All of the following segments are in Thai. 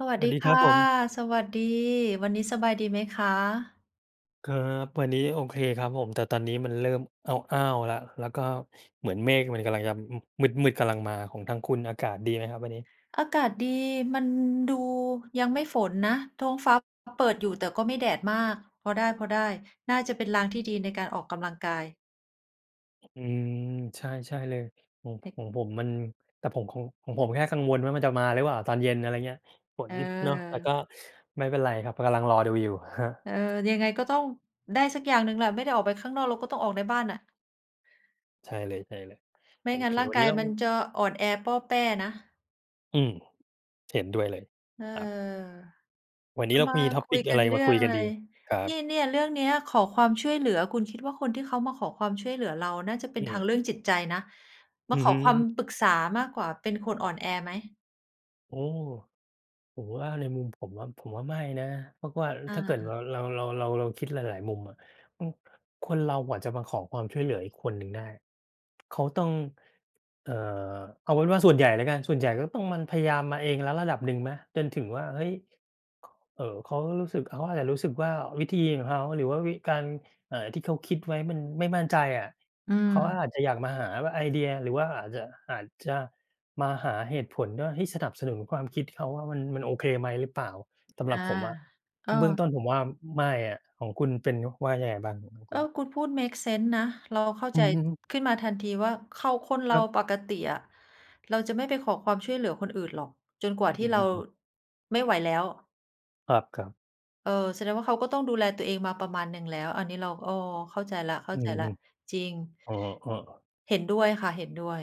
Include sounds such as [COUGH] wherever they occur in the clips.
สวัสสวัดีสดีคคร่ับะ ผม สวัสดี วันนี้สบายดีไหมคะ? ครับ วันนี้โอเคครับผม แต่ตอนนี้มันเริ่มอ้าว ๆ แล้ว แล้วก็เหมือนเมฆมันกำลังจะ ม มืด ๆ กำลังมา ของทางคุณอากาศดีไหมครับวันนี้? อากาศดี มันดูยังไม่ฝนนะ ท้องฟ้า เปิดอยู่ แต่ก็ไม่แดดมาก พอได้ ๆ น่าจะเป็นลางที่ดีในการออกกำลังกาย อืม ใช่ ใช่เลย ของ เต ของผมมัน แต่ผมคง ของผมแค่กังวลว่ามันจะมาหรือเปล่าตอนเย็น อะไรเงี้ย ฝเนเนาะ แต่ออ ก็ไม่เป็นไรครับ กำลังรอดูอยู่ครับ เออ ยังไงก็ต้องได้สักอย่างหนึ่งแหละ ไม่ได้ออกไปข้างนอก เราก็ต้องออกในบ้านน่ะ ใช่เลย ไๆ มโอ่งัเ้ค นร่าวงันนกี้ายเรา มันจะอ่อนแอป้อแป้นะ อืม เห็นด้วยเลย เออ ครับ วันนเีร้าเรามามี คุtopic ยอกะัไนรเรมื่าอคงุยอกัะนไร ดี? ครันี่ บ เนี่ย เรื่องเนี้ยขอความช่วยเหลือ คุณคิดว่าคนที่เขามาขอความช่วยเหลือเรา น่าจะเป็อนืทางม เรื่องจิตใจนะ มอืาอขอฮึ ความปรึกษามากกว่า เป็นคนอ่อนแอไหม? โอ้ ผมว่า ในมุมผมว่า ผมว่าไม่นะ เพราะว่าอถ้าเกิดว่า าเรา เรา เรา เราคิดหลาย ๆ มุมอะ อือ คนเราอะจะมาขอความช่วยเหลืออีกคนหนึ่งได้ เขาต้อง เอ่อ เอาเป็นว่าส่วนใหญ่แล้วกัน ส่วนใหญ่ก็ต้อง มันพยายามมาเองแล้วระดับหนึ่งไหม จนถึงว่า เฮ้ย ข เอ่อ เขารู้สึก เขาอาจจะรู้สึกว่าวิธีของเขา หรือว่าวิ การ อ่า ที่เขาคิดไว้มันไม่มั่นใจอะ อืเขาอม าจจะอยากมาหาว่า ไอเดีย หรือว่าอาจจะ อาจจะมาหาเหตุผลว่า ให้สนับสนุนความคิดเขา ว่ามัน มันโอเคไหมหรือเปล่า สำหอรับา ผมอะ กถ้าเบื้อง็ ต้นผมว่าไม่อะ ของคุณเป็น ว่ายังไงบ้าง อือ ของเคอุอ ณ? คุณพูดเมกเซนส์นะ เราเข้าอืใจอฮึ ขึ้นมาทันทีว่าเขา คนเรคารับ ปกติอะ เราจะไม่ไปขอความช่วยเหลือคนอื่นหรอกจนกว่าอทีื่เราม ไม่ไหวแล้ว ครับ ๆ เออ แสดงว่าเขาก็ต้องดูแลตัวเองมาประมาณหนึ่งแล้ว อันนี้เรา อ้อ เข้าใจแล้ว อือฮึ ๆ จริง อ๋อ ๆ เห็นด้วยค่ะ เห็นด้วย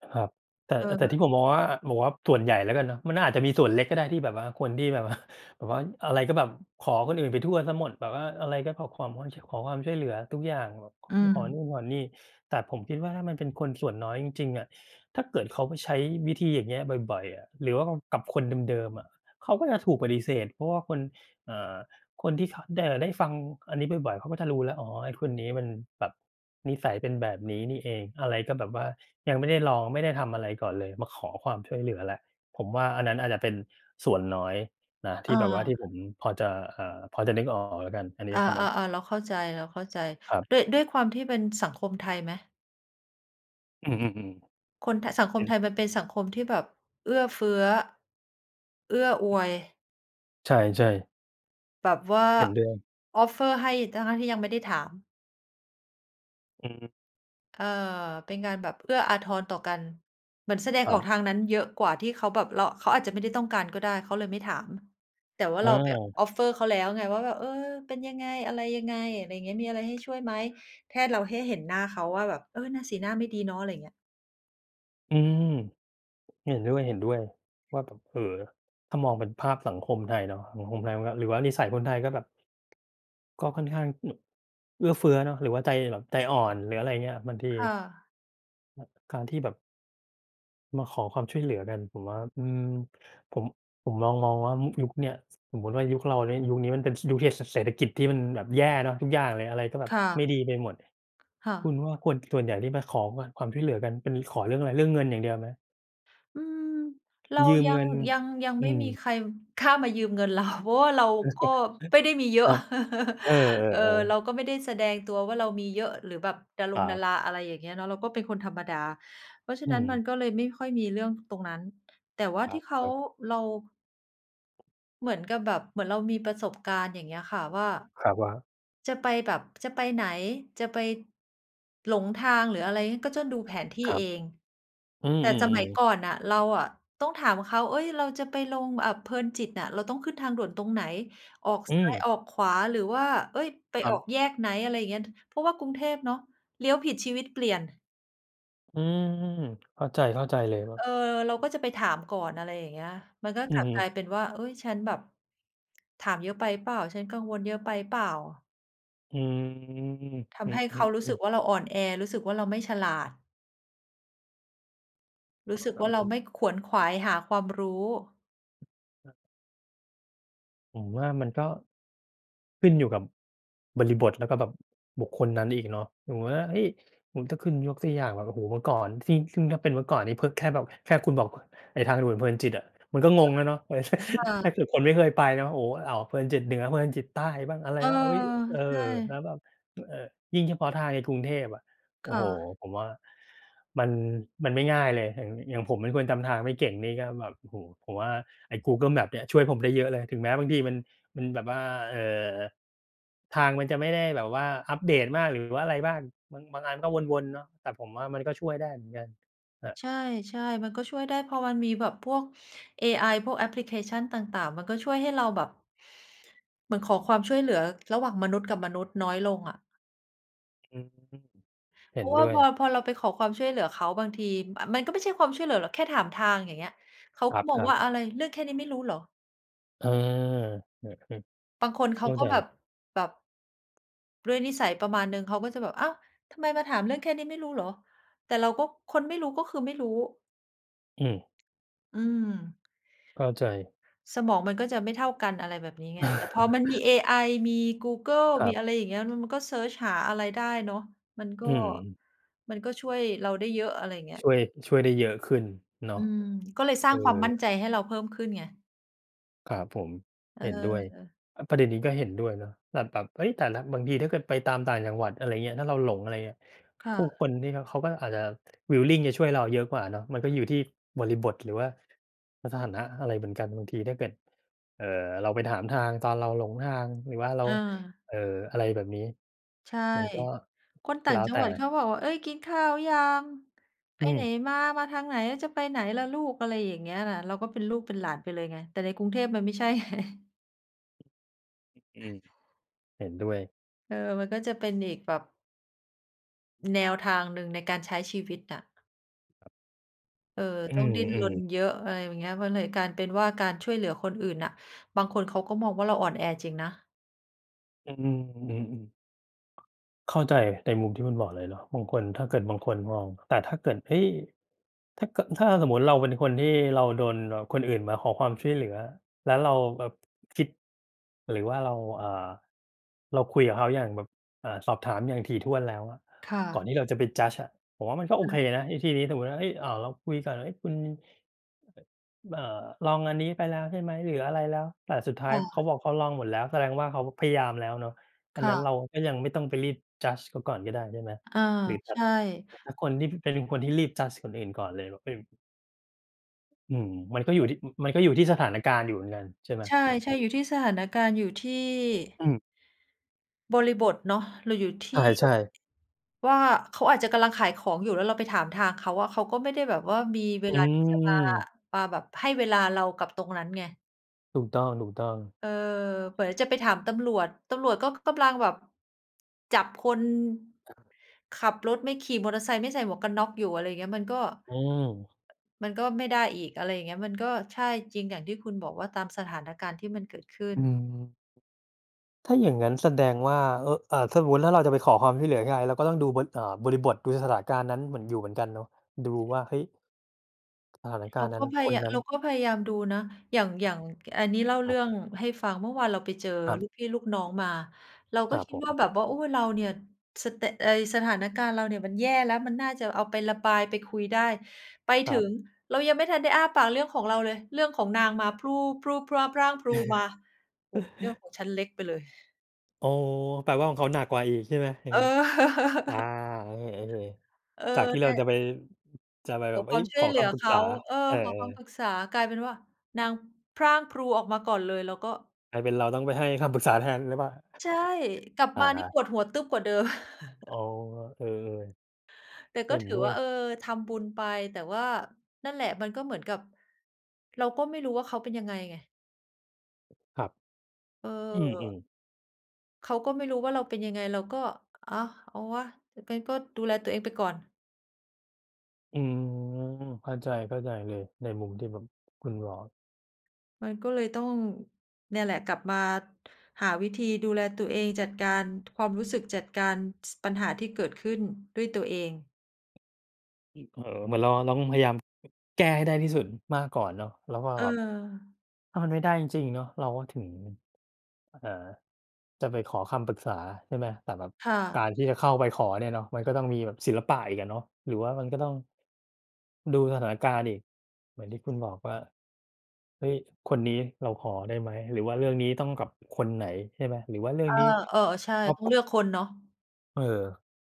ครับ แต่ เแต่ทออ ี่ผมมองว่า ผมว่าส่วนใหญ่แล้วกันเนาะ มันอาจจะมีส่วนเล็กก็ได้ที่แบบว่า คนที่แบบ ว่า แบบว่าอะไรก็แบบขอคนอื่นไปทั่วเสียหมด แบบว่าอะไรก็ขอความว่า ช ขอความช่วยเหลือทุกอย่าง แบบ ข-ออ ืขอนู่ม นขอนี่ แต่ผมคิดว่า ถ้ามันเป็นคนส่วนน้อยจริง ๆ อะ ถ้าเกิดเขาไปใช้วิธีอย่างเงี้ยบ่อย ๆ อะ หรือว่าแบบกับคนเดิม ๆ อะ เขาก็จะถูกปฏิเสธ เพราะว่าคน อ่า คนที่เขา ด เอ่อ ได้ฟังอันนี้บ่อย ๆ เขาก็จะรู้แล้ว "อ๋อ ไอ้คนนี้มันแบบนิสัยเป็นแบบนี้นี่เอง อะไรก็แบบว่ายังไม่ได้ลอง ไม่ได้ทำอะไรก่อนเลย มาขอความช่วยเหลือแล้ว" ผมว่าอันนั้นอาจจะเป็นส่วนน้อยนะ ที่แบบว่าทเออ ี่ผมพอจะ เอ่อ พอจะนึกออกแล้วกัน อันนี้อา สำหรับ ๆ ๆ เราเข้าใจ ครับ ๆ ด้วย ด้วยความที่เป็นสังคมไทยไหม? อือ ๆ คนไทย สังๆ คเห็มไน ทยมันเป็นสังคมที่แบบเอื้อเฟื้อ เอื้ออวย ใช่ ๆ แบบว่า เห็นด้วย Offer ให้ทั้ง ๆ ที่ยังไม่ได้ถาม อืม เออ เป็นการแบบเอื้ออาทรต่อกัน เหมือนแสดคงรัออบ กทางนั้นเยอะกว่า ที่เขาแบบ เรา เขาอาจจะไม่ได้ต้องการก็ได้ เขาเลยไม่ถาม แต่ว่าเราไป อา Offer เขาแล้วไง ว่าแบบ "เออ เป็นยังไง? อะไรยังไง" ไรเงี้ย "มีอะไร ให้ช่วยไหม?" แค่เรา แค่เห็นหน้าเขาว่าแบบ "เออ หน้า สีหน้าไม่ดีเนาะ" ไรอย่างเงี้ย อืม เห็นด้วย ๆ ว่าแบบ เอ่อ ถ้ามองเป็นภาพสังคมไทยเนาะ สังคมไทยมันก็ หรือว่านิสัยคนไทยก็แบบ ก็ค่อนข้าง [HICCUPS] เอื้อเฟื้อเนาะ หรือว่าใจแบบใจอ่อน หรืออะไรอย่างเงี้ย บางที ค่ะ อ การที่แบบ มาขอความช่วยเหลือกัน ผมว่า อืม ผม ผมมอง ๆ ว่า ม ยุคเนี่ย ส สมมุติว่ายุคเรานี่ ยุคนี้มันเป็น ส ยุคที่เศษ เศรษฐกิจที่มันแบบแย่เนาะ ทุกอย่างเลย อะไรก็แบบค่ะ ไม่ดีไปหมด ค่คะ ุณว่าคน ส่วนใหญ่ที่มาขอ มา ความช่วยเหลือกัน เป็นขอเรื่องอะไร เรื่องเงินอย่างเดียวไหม? อืม เรายืมยัเงง ิน ยัง ยังอืไม่ม มีใครกล้ามายืมเงินเรา เพราะว่าเราก็ไม่ได้มี[CHUCKLES] เยอคะ รับ เอ[CHUCKLES] เออ อ เรๆ าๆ ก็ไม่ได้แสดงตัวว่าเรามีเยอะ หรือแบบดารคงรัดาบ รา อะไรอย่างเงี้ยเนาะ เราก็เป็นคนธรรมดา เพราะฉะอืนั้นมันม ก็เลยไม่ค่อยมีเรื่องตรงนั้น แต่ว่าคที่เขา รับ ๆ เรา เหมือนกับแบบ เหมือนเรามี ประสบการณ์ อย่างเงี้ยค่ะ ว่า ครับ ว่า? จะไปแบบ จะไปไหน จะไป หลงทาง หรืออะไรงี้ ก็จะดูแผนที่ครัเบ อง อืแต่ สมัอ ยๆ ๆ ก่อนน่ะเราอะต้องถามเขา "เอ๊ย เราจะไปลง อ่า เพลินจิตอะ เราต้องขึ้นทางด่วนตรงไหน? ออกอซ้าย ืม ออกขวา หรือว่า เฮ้ย! ไปครัออบ กแยกไหน?" อะไรอย่างเงี้ย ท เพราะว่ากรุงเทพเนาะ เลี้ยวผิดชีวิตเปลี่ยน อืม เข้าใจ เข้าใจเลยว่า เออ เราก็จะไปถามก่อน อะไรอย่างเงี้ย มันก็อืกลอับฮึ กลายเป็นว่า "เฮ้ย! ฉันแบบ ถามเยอะไปเปล่า ฉันกังวลเยอะไปเปล่า?" อืม ทอืำ ให้เขารู้สอ ึๆ กๆ ว่าเราอ่อนแอ รู้สึกว่าเราไม่ฉลาด รอู้๋สอ ึกครัวบ่าเผราม ไม่ขวนขวายหาความรู้ ครับ ผมว่ามันก็ขึ้นอยู่กับบริบท แล้วก็แบบบุคคลนั้นอีกเนาะ สมมุติว่า เฮ้ย! โอ้ ถ้าขึ้น ยกตัวอย่างแบบ โอ้โฮ เมื่อก่อนที่ ซึ่งถ้าเป็นเมื่อนี่ เพิ่ง แค่แบบ แค่คุณบอกว่า ไอ้ทางด่วนเพลินจิตอะ มันก็งงแล้วเนาะ เออ ใช่ อถ้า าเกิดคนไม่เคยไปนะ โอ้โฮ อ้าว เพลินจิตเหนือ เพลินจิตใต้บ้าง อะไเรออ บ้าง เฮ้ย! เอใชอ แล่ ้วแบบ อ เออ ยิ่งเฉพาะทางในกรุงเทพอะ โอค้่โฮ ะ ผมว่ามัน มันไม่ง่ายเลย อย่าง อย่างผมเป็นคนจำทางไม่เก่งนี่ก็แบบ โอ้ ผมว่าไอ้ Google Maps เนี่ยช่วยผมได้เยอะเลย ถึงแม้บางทีมัน มันแบบว่า เอ่อ ทางมันจะไม่ได้แบบว่าอัปเดตมาก หรือว่าอะไรบ้าง บาง บางอันก็วน ๆ เนาะ แต่ผมว่ามันก็ช่วยได้เหมือนกัน แบบ ใช่ ๆ มันก็ช่วยได้ พอมันมีแบบพวกเอไอ พวกแอปพลิเคชันต่าง ๆ มันก็ช่วยให้เราแบบ เหมือนขอความช่วยเหลือ ระหว่างมนุษย์กับมนุษย์น้อยลงอะ อืม เห็เพนราะวด่้าวพย อ พอเราไปขอความช่วยเหลือเขา บางที อา มันก็ไม่ใช่ความช่วยเหลือหรอก แค่ถามทาง อย่างเงี้ย เขาครก็มอง ัวบ ่ๆ า "อะไร เรื่องแค่นี้ไม่รู้เหรอ?" เออ เออ บางคนๆ เเขข้าาก็ใจ แบบ แบบ ด้วยนิสัยประมาณหนึ่ง เขาก็จะแบบ "อ้าว ทำไมมาถาม เรื่องแค่นี้ไม่รู้เหรอ?" แต่เราก็ คนไม่รู้ ก็คือไม่รู้ อืม อืม เข้าใจ สมองมันก็จะไม่เท่ากัน อะไรแบบนี้ไง แต่พอ มันมีเอ[CHUCKLES] ไอ มีกูเกิล ครมัีบ อะไรอย่างเงี้ย ล มันก็เซิร์ชหาอะไรได้เนาะ มัน ก็ อืม มันก็ช่วยเราได้เยอะ อะไรอย่างเงี้ย ช่วย ช่วยได้เยอะขึ้นเนาอะ ืม ก็เลยสรเ้อาอ งความมั่นใจให้เราเพิ่มขึ้นไง ครับผม เเห็นด้วย ออ อา ประเด็นนี้ก็เห็นด้วยเนาะ แต่แบบ เอ๊ย แต่ละ บางทีถ้าเกิดไปตามต่างจังหวัด อะไรอย่างเงี้ย ถ้าเราหลง อะไรเงี้ย ค่ผู้คะ นที่เขา เขาก็อาจจะ willing จะช่วยเราเยอะกว่าเนาะ มันก็อยู่ที่บริบท หรือว่าสถานะอะไรเหมือนกัน บางทีถ้าเกิด เอ่อ เราไปถามทางตอนเราหลงทาง หรือว่าเรา เออ เอ่อ อะไรแบบนี้ ใช่ มันก็คนต่แาล้ง วจัแตงหวัดเข่ าบอกว่า "เอ๊ย กินข้าวยัง? ไอปืไหนม มา? มาทางไหน? จะไปไหนล่ะลูก?" อะไรอย่างเงี้ยน่ะ เราก็เป็นลูกเป็นหลานไปเลยไง แต่ในกรุงเทพมันไม่ใช่ ไง ฮ อืม เห็นด้วย เออ มันก็จะเป็นอีกแบบ แนวทางหนึ่งในการใช้ชีวิตอะ เออ อืต้องดิ้นรนม ๆ เยอะ อะไรอย่างเงี้ย มันเลยการ เป็นว่า การช่วยเหลือคนอื่นน่ะ บางคนเขาก็มองว่าเราอ่อนแอจริงนะ อืม อือ ๆ เข้าใจในมุมที่คุณบอก เลยเนาะ บางคน ถ้าเกิดบางคนมอง แต่ถ้าเกิด เฮ้ย ถ้าเกิด ถ้าสมมุติเราเป็นคนที่เราโดนแบบคนอื่นมาขอความช่วยเหลือ แล้วเราแบบ คิด หรือว่าเรา อ่า เราคุยกับเขาอย่างแบบ อ่า สอบถามอย่างถี่ถ้วนแล้วอะ ค่ก่อะ นที่เราจะไป judge อะ ผมว่า มันก็โออือ เคนะวิธีนี้ สมมุติว่า เฮ้ย อ่า เราคุยก่อน เฮ้ย คุณ อ่า ลองอันนี้ไปแล้วใช่ไหม หรืออะไรแล้ว แต่สุดท้คาย่เขาะ บอกเขาลองหมดแล้ว แสดงว่าเขาพยายามแล้วเนาะ อัคนน่ั้นะ เราก็ยังไม่ต้องไปรีบ judge เขาก่อนก็ได้ ใช่ไหม อา หรือแบใชบ ่ แต่ถ้าคนที่ เป็นคนที่รีบ judge คนอื่นก่อนเลยแบบ อืม อืม มันก็อยู่ที่ อ มันก็อยู่ที่สถานการณ์อยู่เหมือนกัน ใช่ไหม? ใชอือฮ่ ๆ ึ อยู่ที่สถานการณ์อยู่ที่ อืม บริบทเนาะ หรืออยู่ ทใี่ ช่ ๆ ว่าเขาอาจจะกำลังขายของอยู่ แล้วเราไปถามทางเขาอะ เขาก็ไม่ได้แบบว่ามี เวอลาที่จะมา ืม มาแบบให้เวลาเรากับตรงนั้นไง ถูกต้อง ๆ เออ เหมือนจะไปถามตำรวจ ตำรวจก็ กำลังแบบ จับคน ขับรถไม่ ขี่มอเตอร์ไซค์ไม่ใส่หมวกกันน็อกอยู่ อะไรอย่างเงี้ย มันก็ อืม มันก็ไม่ได้อีก อะไรอย่างเงี้ย มันก็ ใช่ จริงอย่างที่คุณบอกว่าตามสถานการณ์ที่มันเกิดขึ้อืน ม ถ้าอย่างงั้นแสดงว่า อ อ่า ถ้าสมมุติถ้าเราจะไปขอความที่เหลือยังไง เราก็ต้องดูบน อ่า บริบท ดูสถานการณ์นั้นเหมือน อยู่เหมือนกันเนาะ ดูว่า เฮ้ย! สถานกเราารณ์นกั้็น พคนยา นั้เรน าก็พยายามดูนะ อย่าง อย่าง ก อันนี้เล่าคเรรืับ ่องให้ฟัง เมื่อวานเราไปเจอ ครับ ลูกพี่ลูกน้องมา เรากค็รับคิดผว่ม า แบบว่า โอ้ เราเนี่ยสแตก เฮ้ย สถานการณ์เราเนี่ย มันแย่แล้ว มันน่าจะเอาไประบาย ไปคุยได้ ไปคถรึับ ง เรายังไม่ทันได้อ้าปากเรื่องของเราเลย เรื่องของนางมาพู่ ๆ พร่า ๆ พรั่งพรู ออกมา โอ้โฮ เรื่อง[CHUCKLES] ของฉันเล็กไปเลย โอ้ แปลว่าของเขาหนักกว่าอีก ใช่ไหมอย่าเงออ งี้? อา [CHUCKLES] เออ เออ ๆ จากที่เนรา่จะะ ไป จะไปขแบอบ เอค๊วย ามชข่วอย เหคลือำปรึกเขษา า เอเออ อ ขอคำปๆ รึกษา กลายเป็นว่า นางพรั่งพรูออกมาก่อนเลย เราก็ กลายเป็นเราต้องไปให้คำปรึกษาแทนหรือเปล่า ใช่ กลับอมานี่า ปวดหัวตึ๊บกว่าเดิม อ๋[CHUCKLES] อ เออ แต่ๆ เหก็็นถืดอ้วว่ย า เออ ทำบุญไป แต่ว่า นั่นแหละ มันก็เหมือนกับ เราก็ไม่รู้ว่าเขาเป็นยังไงไง ครับ เอืออ ม ๆ เขาก็ไม่รู้ว่าเราเป็นยังไง เราก็ "อา เอาวะ! ก งั้นก็ดูแลตัวเองไปก่อน" อืม เข้าใจ เข้าใจเลย ในมุมที่แบบคุณบอก มันก็เลยต้อง เนี่ยแหละ กลับมาหาวิธีดูแลตัวเอง จัดการ ความรู้สึก จัดการ ส ปัญหาที่เกิดขึ้นด้วยตัวเอง อ เอ่อ เหมือนเราร้อง พยายาม แก้ให้ได้ที่สุดมากก่อนเนาะ แล้วก็เแบบ ออ ถ้ามันไม่ได้จริง ๆ เนาะ เราก็ถึง อ เอ่อ จะไปขอคำปรึกษา ใช่ไหม แต่แบบค่กาะ รที่จะเข้าไปขอเนี่ยเนาะ มันก็ต้องมีแบบศิลปะอีกอะเนาะ หรือว่ามันก็ต้อง ดูสถานการณ์อีก เหมือนที่คุณบอก ว่า "เฮ้ย! คนนี้เราขอได้ไหม? หรือว่าเรื่องนี้ต้องกับคนไหนใช่ไหม? หรือว่าเรื่อองา นี้เออ ๆ ใช่ ครอบ ต้องค" เลือกคนเนาะ เออ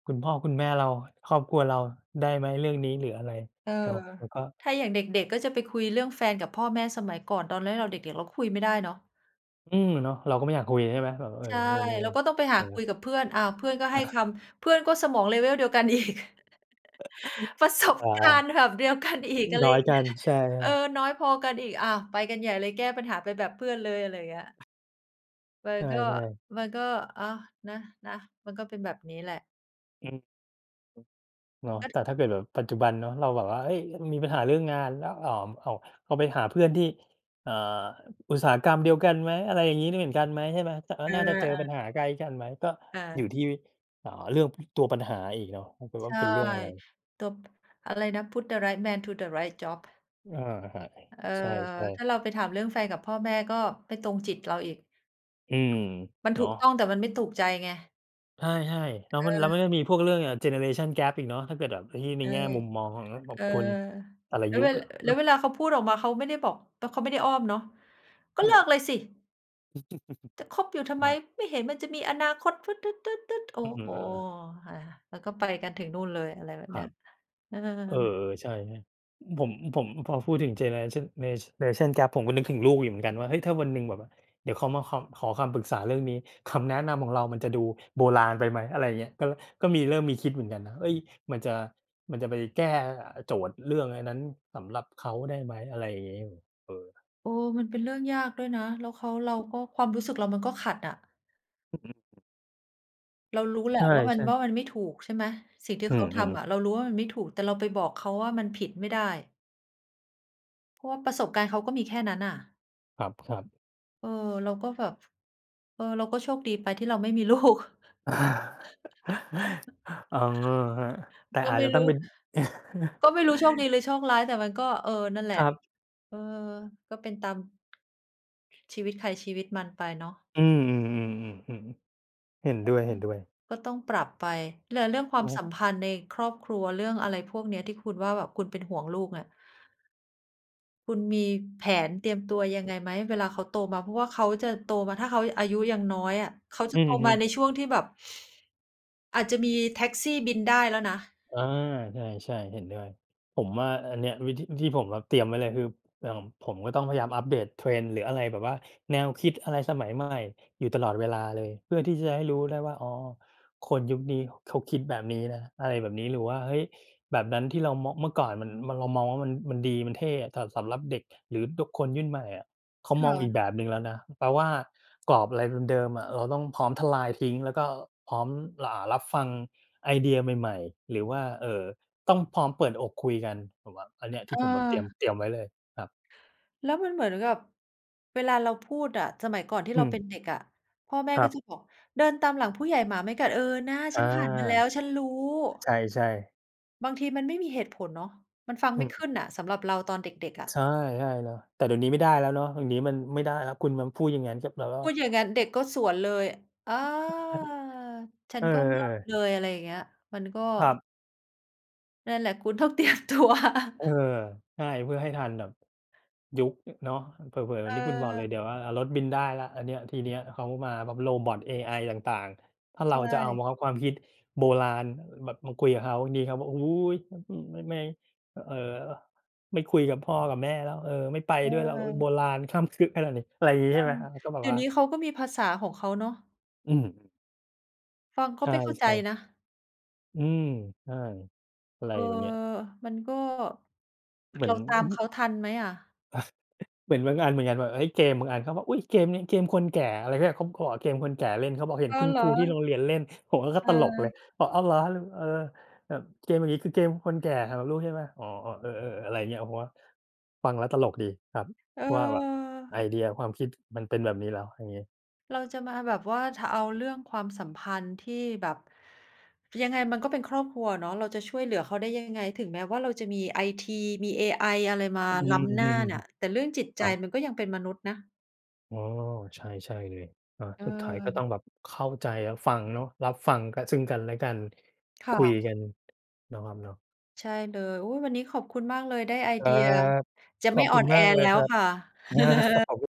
"คุณพ่อคุณแม่เรา ครอบครัวเราได้ไหมเรื่องนี้?" หรืออะไรเออ เนาะ มันก็ ถ้าอย่างเด็ก ๆ ก็จะไปคุยเรื่องแฟนกับพ่อแม่สมัยก่อน ตอนนั้นเราเด็ก ๆ เราคุยไม่ได้เนาะ อืม อาเนาะ เราก็ไม่อยากคุย ใช่ไหม แบบ เออ ใช่ นู่นนี่ เราก็ต้องไป หเอาคุอ ยกับเพื่อน อ้าว เพื่อนก็ ให้คำ เพื่อนก็สมอง Level เดียวกันอีก [CHUCKLES] ประสบอา กาอ รณ์แบบเดียวกันอีก อะไรน้ออยย่างกเงัี้น ย ใช่ เออ ๆ น้อยพอกันอีก อา ไปกันใหญ่เลย แก้ปัญหาไปแบบเพื่อนเลย อะไรเงี้ย มัในชก็ ่ ๆ มันก็ อา นะ นะ มันก็เป็นแบบนี้แหละ อืม เนาะ กแ็ ต่ถ้าเกิดแบบปัจจุบันเนาะ เราแบบว่า เอ๊ย ล มีปัญหาเรื่องงานแล้ว อ่า เอา เอาไปหาเพื่อนที่ เอ่อ อุตสาหกรรมเดียวกันไหม อะไรอย่างงี้ ล เหมือนกันไหม ใช่ไหม จะ เรเาออ น่าจะเจอปัญๆ หาใกล้กันไหม ก็ค่อยะ ู่ที่ อ่า เรื่อง พ ตัวปัญหาอีกเนาะ ถ้าเกิดวใ่ชา่ เป็นเรื่องอะไร ตัว อะไรนะ Put the right man to the right job เออ ครับ เออ ใช่ ถๆ ้าเราไปถามเรื่องแฟนกับพ่อแม่ก็ไม่ตรงจิตเราอีก อืม มันเถนาูกะ ต้อง แต่มันไม่ถูกใจไง ใช่ ๆ แล้วเมัน แล้วออ มันจะมีพวกเรื่อง อ่า เจเนอเรชัน Gap อีกเนาะ ถ้าเกิดแบบไอ้ที่ ในใช่ แง่มุมมองของ ล แบเบออ พลแต่ละแล้ยวุเว คอะ อแลื้วเม วลาเขาพูดออกมา เขาไม่ได้บอก ต เขาไม่ได้อ้อมเนาะ "ก็อืเลิม กเลยสิ!" "จะคบอยู[CHUCKLES] ่ทำไม? ครับ ไม่เห็นมันจะมีอนาคต!" โอ้อือ เอโฮ อ ๆ อา แล้วก็ไปกันถึงนู่นเลย อะไรแบบคเนรี้ัย บ อเออ า ๆ ใช่ ๆ อ ผม ผม พอพูดถึงเจเนอเรชัน เน ช เนชัน Gap ผมก็นึกถึงลูกอยู่เหมือนกันว่า เฮ้ย ถ้าวันหนึ่งแบบ เดี๋ยวเขามาคำ ขอคำปรึกษาเรื่องนี้ คำแนะนำของเรามันจะดูโบราณไปไหม อะไรอย่างเงี้ย ก็ ก็มีเริ่มมีคิดเหมือนกันนะ เฮ้ย มันจะ มันจะไปแก้ อ่า โจทย์เรื่องอันนั้นสำหรับเขาได้ไหม อะไรอย่างงี้ เออ เออ มันเป็นเรื่องยากด้วยนะ แล้วเขา เราก็ความรู้สึกเรามันก็ขัดอะ ผม เรารู้แหลใะ ชว่ามัน ่ ว่ๆ ามันไม่ถูก ใช่ไหม สิ่งที่อืเขาทม ำๆ อะเรารู้ว่ามันไม่ถูก แต่เราไปบอกเขาว่ามันผิดไม่ได้ เพราะว่าประสบการณ์เขาก็มีแค่นั้นน่ะ ครับ ๆ เออ เราก็แบบ เออ เราก็โชคดีไปที่เราไม่มี ลูก [CHUCKLES] เอา อือฮึ แต[CHUCKLES] ่ก็อาจไม่จะตรู้อ้ งเป็น ก็[CHUCKLES] ไม่รู้โชคดี หรือโชคร้าย แต่มันก็ เออ นั่นแหลคะ รับ เออ ก็เป็นตาม ชีวิตใครชีวิตมันไปเนาะ อืม ๆ ๆ ๆ ๆ เห็นด้วย ๆ ก็ต้องปรับไป เรื่อ เรื่องควาครมัสบ ัมพันธ์ในครอบครัว เรื่องอะไรพวกเนี้ยที่คุณว่าแบบคุณเป็นห่วงลูกเนี่ย คุณมีแผนเตรียมตัวยังไงไหมเวลาเขาโตมา? เพราะว่าเขาจะโตมา ถ้าเขาอายุยังน้อยอะ เขาจอะืโตอฮมึ าในช่วงที่แบบอาจจะมีแท็กซี่บินได้แล้วนะ เออ ใช่ ๆ เห็นด้วย ผมว่าอันเนี้ย วิธีที่ผมแบบเตรียมไว้เลย คืออย่างผมก็ต้องพยายามอัปเดต trend หรืออะไรแบบว่า แนวคิดอะไรสมัยใหม่อยู่ตลอดเวลาเลย เพื่อที่จะให้รู้ได้ว่า อ๋อ คนยุคนี้เขาคิดแบบนี้นะ อะไรแบบนี้ หรือว่า เฮ้ย แบบนั้นที่เรามอง เมื่อก่อน มัน มันเรามองว่า มัน มันดีมันเท่ แต่สำหรับเด็ก หรือบุคคลรุ่นใหม่อะ เขาคม่องอีะ กแบบหนึ่งแล้วนะ แปลว่ากรอบ อะไรเดิม ๆ อะ เราต้องพร้อมทลายทิ้ง แล้วก็พร้อม อ่า รับฟังไอเดียใหม่ ๆ หรือว่า เอ่อ ต้องพร้อมเปิดอกคุยกัน ผมว่าอันเนี้ยทอี่ผมแบบ เตรียม า เตรียมไว้เลยครับ แล้วมันเหมือนกับเวลาเราพูดอะ สมัยก่อนที่อืเรา ม เป็นเด็กอะ พ่อแม่ครกั็บ จะบอก "เดินตามหลังผู้ใหญ่หมาไม่กัด" เออ น่า อฉา ันผ่านมาแล้ว ฉันรู้ ใช่ ๆ บางทีมันไม่มีเหตุผลเนาะ มันฟังอไืม่ขม ึ้นน่ะ สำหรับเราตอนเด็ก ๆ อะ ใช่ ๆ เนาะ แต่เดี๋ยวนี้ไม่ได้แล้วเนาะ เดี๋ยวนี้มันไม่ได้แล้ว คุณมาพูดอย่างงั้นก็แปลว่า พูดอย่างนั้น เด็กก็สวนเลย อา ฉัเน ออ ก็มอบๆ เลย อะไรอย่างเงี้ย มันก็ ครับ นั่นแหละ คุณต้อง เตรียมตัว เออ [CHUCKLES] ใช่ เพื่อให้ทันแบบ ยุค อ เนาะ เผลอ ๆ เหมเือนที่คุณบอกเลออ ย เดี๋ยว อา อา รถบินได้แล้ว อันเนี้ยทีเนี้ยเขามาพร้อมโรบอต เอไอต่าง ๆ ถ้าใเชราจะเอา ่ บังคับความคิดโบราณ อ แบบมาคุยกับเขา บางทีเขาบอก "โอ้โฮ อ อือ ม ไม่ อ เอ่อ ไม่คุยกับพ่อกับแม่แล้ว เออ ไม่ไปเด้วยแล้ว เออ โอบอ ราณคร่ำครึขนาดนี้" อะไรงี้ เอใชอ ่ไหมครับ ก็แบเบดี๋ยว่วา นี้เขาก็มีภาษาของเขาเนาะ อืม ฟังก็ใชไม่เข้าใจ่ ๆ นะ อืม ใช่ อะไรเออ แบบเนี้ย มันก็ เหมืเอรน าตอาืมอฮเึ ขาทันไหมอะ? [CHUCKLES] เหมือนบางอันเหมือนกันว่า เฮ้ย! เกมบางอัน เขาบอก "อุ๊ย! เกมนี้เกมคนแก่" อะไรที่แบบเขา เขาบอก "เกมคนแก่เล่น" เขาบอก "เห็อน๋อ คุณเหรคอ? รูที่โรงเรียนเล่น" ผมอะก็เตลกเลย ออ บอก "อ้าวเหรอ? แล้วแบบ เออ แบบ เกมอย่างงี้คือ เกมคนแก่สำหรับลูกใช่เปล่า?" อ๋อ เออ ๆ อะไรอย่างเงี้ย ผมว่าฟังแล้วตลกดีครับ เว่าแบบออ ไอเดียความคิด มันเป็นแบบนี้แล้ว อย่างงี้ เราจะมาแบบว่า ถ เอาเรื่องความสัมพันธ์ที่แบบ ยังไงมันก็เป็นครอบครัวอะเนาะ เราจะช่วยเหลือเขาได้ยังไง ถึงแม้ว่าเราจะมีไอที มีเอไออะไร มาอืล้ำหน้าม น่ะ แต่เรื่องจิตๆ คใจรับ มันก็ยังเป็นมนุษย์นะ อ๋อ ใช่ ใช่เลย อา สุดท้ายก็ต้เออ องแบบเข้าใจ รับฟังเนาะ รับฟังกัน ซึ่งกันและกัน คคุ่ยะ กัน เนาะครับเนาะ ใช่เลย อุ๊ย! วันนี้ขอบคุณมากเลยได้ ไอคเรดัีย บ จะขไมอ่บอคุ่อณนแอมากเลแลย้ควรับ ค่ะ อา ครับ[CHUCKLES] ผม